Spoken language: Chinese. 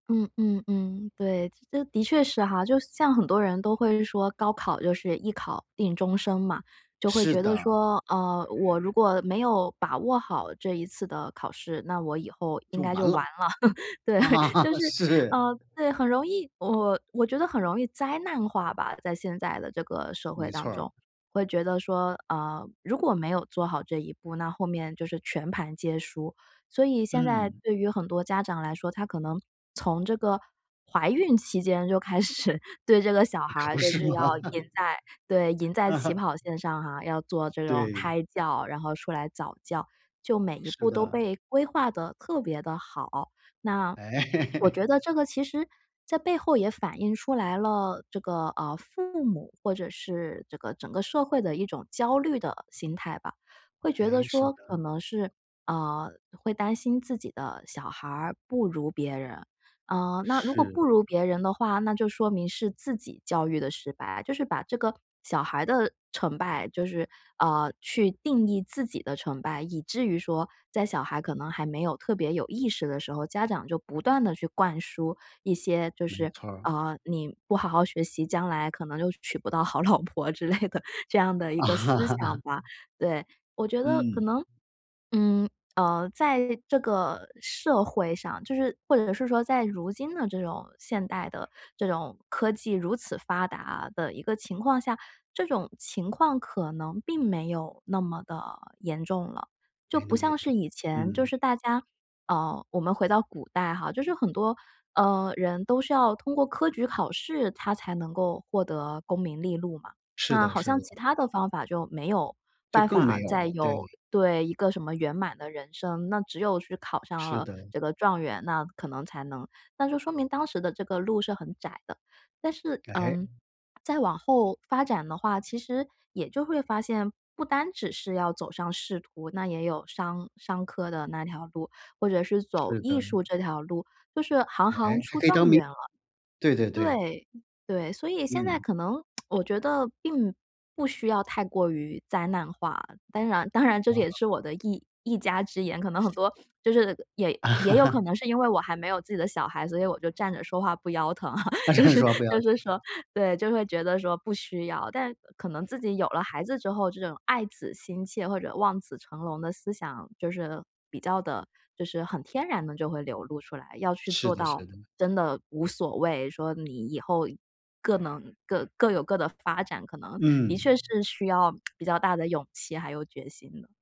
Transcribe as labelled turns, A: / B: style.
A: 嗯嗯嗯，对，这的确是哈。就像很多人都会说，高考就是一考定终生嘛。就会
B: 是
A: 觉得
B: 的。
A: 说，嗯，我如果没有把握好这一次的考试，那我以后应
B: 就
A: 该
B: 完
A: 就完
B: 了。
A: 了。对，
B: 啊，
A: 就是
B: 是。
A: 呃，对，很容易我我觉得很容易灾难化吧，在现在的这个社会
B: 没错
A: 当
B: 儿。
A: 中，会觉得说，呃，如果没有做好这一步，那后面就是全盘皆输。所以现在
B: 嗯。
A: 对于很多家长来说，他可能从这个怀孕期间就开始对这个小
B: 可
A: 孩
B: 不
A: 就
B: 是
A: 是要
B: 嘛！
A: 赢在对，赢在起 跑线上哈，要做这种
B: 对。
A: 胎教，然后出来早教。就每一
B: 是
A: 步都
B: 的。
A: 被规划得特别地好。那
B: 哎。
A: 我 觉得这个其实在背后也反映出来了，这个，呃，父母或者是这个整个社会的一种焦虑的心态吧。会觉得
B: 诶，是
A: 说可
B: 的。
A: 能是，嗯，会担心自己的小孩儿不如别人。嗯，那如果
B: 是。
A: 不如别人的话，那就说明是自己教育得失败，就是把这个小孩的成败就是呃，去定义自己的成败。以至于说，在小孩可能还没有特别有意识的时候，家长就不断地去灌输一些就
B: 没
A: 是，
B: 错儿。
A: 呃，“你不好好学习，将来可能就娶不到好老婆”之类的这样的一个思想吧，对。我觉得可
B: 嗯。
A: 能，嗯，呃，在这个社会上就是或者是说，在如今的这种现代的这种科技如此发达的一个情况下，这种情况可能并没有那么地严重了。就
B: 没那
A: 不
B: 么严
A: 像
B: 重，
A: 是以前，就
B: 嗯。
A: 是大家呃，我们回到古代哈，就是很多，呃，人都是要通过科举考试，他才能够获得功名利禄嘛。
B: 是
A: 那
B: 的
A: 好
B: 是
A: 像
B: 的。
A: 其它的方法就没有
B: 就
A: 办
B: 更没
A: 法
B: 有
A: 再
B: 了，
A: 有
B: 对。
A: 对，一个什么圆满的人生，那只有去考上
B: 是
A: 了
B: 的。
A: 这个状元，那可能才能那就说明当时的这个路是很窄的。但是，嗯，
B: 诶。
A: 再往后发展的话，其实也就会发现，不单只是要走上仕途，那也有商商科的那条路，或者是走
B: 是
A: 艺
B: 的。
A: 术这条路，就是行行
B: 诶，还
A: 出
B: 可以
A: 状
B: 当名
A: 元了。
B: 对对对。
A: 对，对，所以现在
B: 嗯。
A: 可能 我觉得并不需要太过于灾难化。当然当然这也
B: 嗯。
A: 是我的一一家之言，可能很多就是也也有可 能是因为我还没有自己的小孩，所以我就站着说话不腰疼啊，
B: 啊，站
A: 就
B: 着
A: 是
B: 说话不腰
A: 就是说
B: 疼。
A: 对，就会觉得说不需要。但可能自己有了孩子之后，这种爱子心切或者望子成龙的思想就是比较地就是很天然地就会流露出来。要去
B: 是
A: 做
B: 的
A: 到
B: 是的。
A: 真的无所谓，说你以后更能各各有各的发展，可能的
B: 嗯。
A: 确是需要 比较大的勇气，还有决心的。